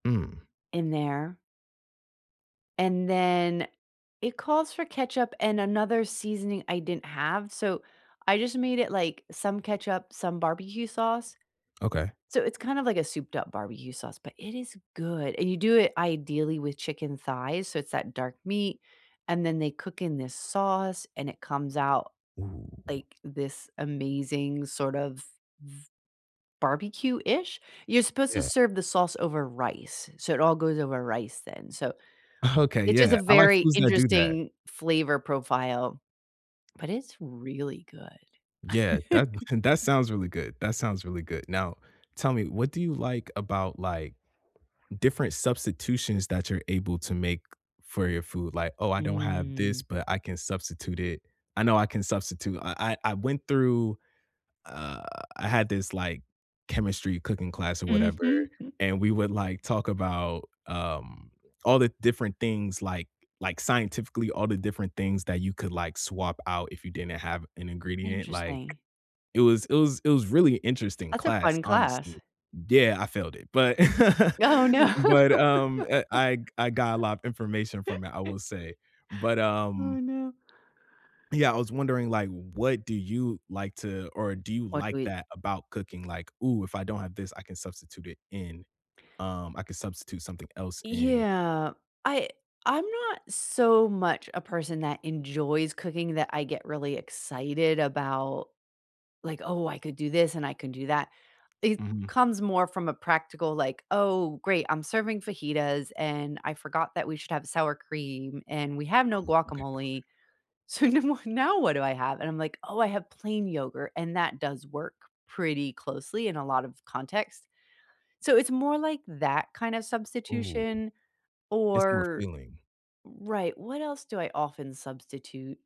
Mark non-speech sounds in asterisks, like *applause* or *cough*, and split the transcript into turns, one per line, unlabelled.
Mm.
In there. And then, it calls for ketchup and another seasoning I didn't have. So, I just made it, like, some ketchup, some barbecue sauce.
Okay.
So it's kind of like a souped up barbecue sauce, but it is good. And you do it ideally with chicken thighs, so it's that dark meat and then they cook in this sauce, and it comes out
Ooh.
like this amazing sort of v barbecue-ish? You're supposed to
Yeah.
serve the sauce over rice, so it all goes over rice then. So
Okay.
it's just
Yeah.
a
I like
very
foods that do that.
interesting flavor profile, but it's really good.
Yeah. That
*chuckles*
*chuckles* that sounds really good, that sounds really good. Now, tell me, what do you like about, like, different substitutions that you're able to make for your food? Like, "Oh, I don't have
Mm.
this, but I can substitute it I know I can substitute." I I I went through uh, I had this like chemistry cooking class or whatever,
Mhm. *chuckles*
and we would like talk about, um, all the different things, like like scientifically, all the different things that you could like swap out if you didn't have an ingredient. Like
Interesting.
it was it was it was really a interesting
That's a
class,
fun
honestly.
class.
Yeah, I failed it. But *laughs*
Oh, no.
but, um, eh I g I got a lot of information from it, I will
*laughs*
say. But,
Oh,
um
no.
Yeah, I was wondering, like, what do you like to or do you
What do
like
we
that about cooking? Like, "Ooh, if I don't have this, I can substitute it in,
*inhales*
um I could substitute something else in."
Yeah. I I'm not so much a person that enjoys cooking that I get really excited about, like, "Oh, I could do this and I could do that," it
Mhm.
comes more from a practical, like, "Oh, great. I'm serving fajitas, and I forgot that we should have sour cream, and we have no
Oh. Okay, okay.
guacamole. So nu w now what do I have?" And I'm like, "Oh, I have plain yogurt," and that does work pretty closely in a lot of context. So, it's more like that kind of
Ooh.
substitution
It's more
or
feeling.
Right, what else do I often substitute?